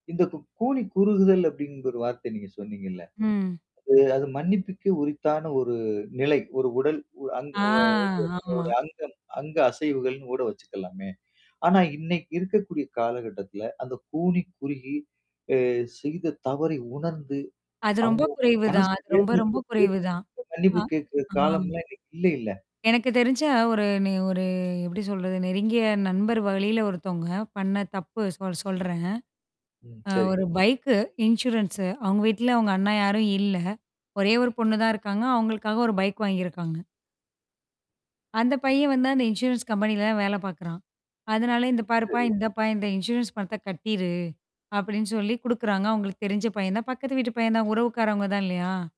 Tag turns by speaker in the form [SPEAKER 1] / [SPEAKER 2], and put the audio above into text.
[SPEAKER 1] இந்த கு கூனி குறுகுதல் அப்டின்ற ஒரு வார்த்தை நீங்க சொன்னீங்கள்ல?
[SPEAKER 2] ம்.
[SPEAKER 1] [unintelligible] அது மன்னிப்புக்கே உரித்தான ஒரு நிலை ஒரு உடல் அங்
[SPEAKER 2] ஆ,
[SPEAKER 1] இது நம்மளோட
[SPEAKER 2] ஆமா.
[SPEAKER 1] அங்கம் அங்க அசைவுகள்னு கூட வச்சுக்கலாமே! ஆனா இன்னைக்கு இருக்கக்கூடிய காலகட்டத்தில, அந்த கூனி குறுகி, அ செய்த தவறை உணர்ந்து,
[SPEAKER 2] அது ரொம்ப
[SPEAKER 1] அவங்களுக்கு
[SPEAKER 2] குறைவுதான்.
[SPEAKER 1] மனசு
[SPEAKER 2] அது ரொம்ப ரொம்ப
[SPEAKER 1] வேதனப்பட்டு,
[SPEAKER 2] குறைவுதான். அ,
[SPEAKER 1] மன்னிப்பு கேட்கிற
[SPEAKER 2] ஆ.
[SPEAKER 1] காலம்லாம் இன்னைக்கு இல்லைல?
[SPEAKER 2] எனக்கு தெரிஞ்சா ஒரு ஒரு எப்படி சொல்றது நெருங்கிய நண்பர் வழியில ஒருத்தவங்க. பண்ண தப்பு சொ சொல்றேன்.
[SPEAKER 1] ம்.
[SPEAKER 2] அ
[SPEAKER 1] சரிங்க.
[SPEAKER 2] ஒரு பைக்கு இன்சூரன்ஸ்ஸு அவுங்க வீட்ல அவுங்க அண்ணா யாரும் இல்ல. ஒரே ஒரு பொண்ணு தான் இருக்காங்க. அவங்களுக்காக ஒரு பைக் வாங்கியிருக்காங்க. அந்த பையன் வந்து அந்த இன்சூரன்ஸ் கம்பெனில தான் வேலை பாக்கறான். அதனால இந்த பாருப்பா,
[SPEAKER 1] சரி.
[SPEAKER 2] இந்தப்பா இந்த இன்சூரன்ஸ் பணத்த கட்டிரு, அப்டின்னு சொல்லி குடுக்கறாங்க. அவங்களுக்கு தெரிஞ்ச பையன் தான் பக்கத்து வீட்டு பையன் தான் உறவுக்காரவங்க தான் இல்லையா?